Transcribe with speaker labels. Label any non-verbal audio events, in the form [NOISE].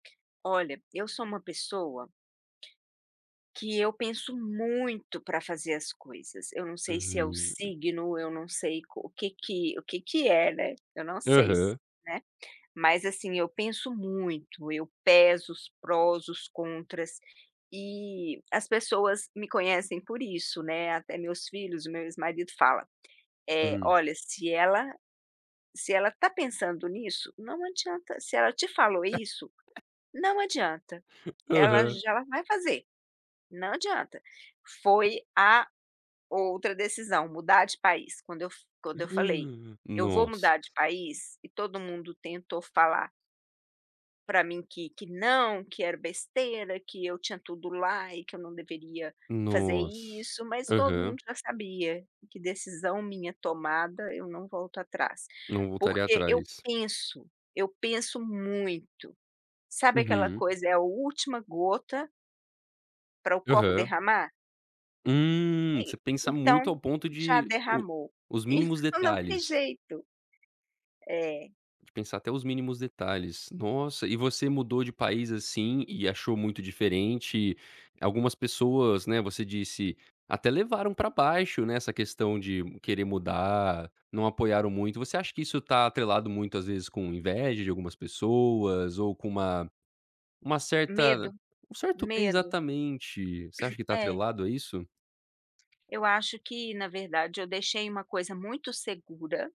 Speaker 1: Olha, eu sou uma pessoa que eu penso muito pra fazer as coisas, eu não sei se é o
Speaker 2: Uhum.
Speaker 1: signo, eu não sei o que que o que que é, né. Eu não sei,
Speaker 2: Aham.
Speaker 1: né. Mas assim eu penso muito, eu peso os prós, os contras, e as pessoas me conhecem por isso, né, até meus filhos e meu ex marido fala: "Eh,
Speaker 2: Hum.
Speaker 1: olha se ela se ela tá pensando nisso, não adianta, se ela te falou isso,
Speaker 2: [LAUGHS]
Speaker 1: não adianta, ela
Speaker 2: Aham.
Speaker 1: já ela vai fazer, não adianta.". Foi a outra decisão, mudar de país, quando eu f quando eu falei:
Speaker 2: Ah,
Speaker 1: "Eu vou
Speaker 2: nossa.
Speaker 1: mudar de país." e todo mundo tentou falar pra mim que que não, que era besteira, que eu tinha tudo lá e que eu não deveria fazer
Speaker 2: Nossa.
Speaker 1: isso mas todo mundo
Speaker 2: Aham.
Speaker 1: já sabia, que decisão minha tomada eu não volto atrás.
Speaker 2: Não voltaria
Speaker 1: Porque eu
Speaker 2: atrás.
Speaker 1: penso, eu penso muito. Sabe aquela
Speaker 2: Uhum.
Speaker 1: coisa, é a última gota pra o copo
Speaker 2: Aham.
Speaker 1: derramar?
Speaker 2: Hum,
Speaker 1: E
Speaker 2: você pensar
Speaker 1: então,
Speaker 2: muito ao ponto
Speaker 1: já
Speaker 2: de o
Speaker 1: derramou.
Speaker 2: os
Speaker 1: [CHUCKLES]
Speaker 2: mínimos
Speaker 1: Então não tem
Speaker 2: detalhes.
Speaker 1: jeito. É.
Speaker 2: De pensar até os mínimos detalhes, nossa e você mudou de país, assim, e achou muito diferente, algumas pessoas né você disse, até levaram pra baixo né essa questão de querer mudar, não apoiaram muito. Você acha que isso tá atrelado muitas vezes com inveja de algumas pessoas ou com uma uma
Speaker 1: Medo,
Speaker 2: certa um certo
Speaker 1: medo.
Speaker 2: exatamente, você acha que está
Speaker 1: É.
Speaker 2: atrelado a isso?
Speaker 1: Eu acho que na verdade eu deixei uma coisa muito segura.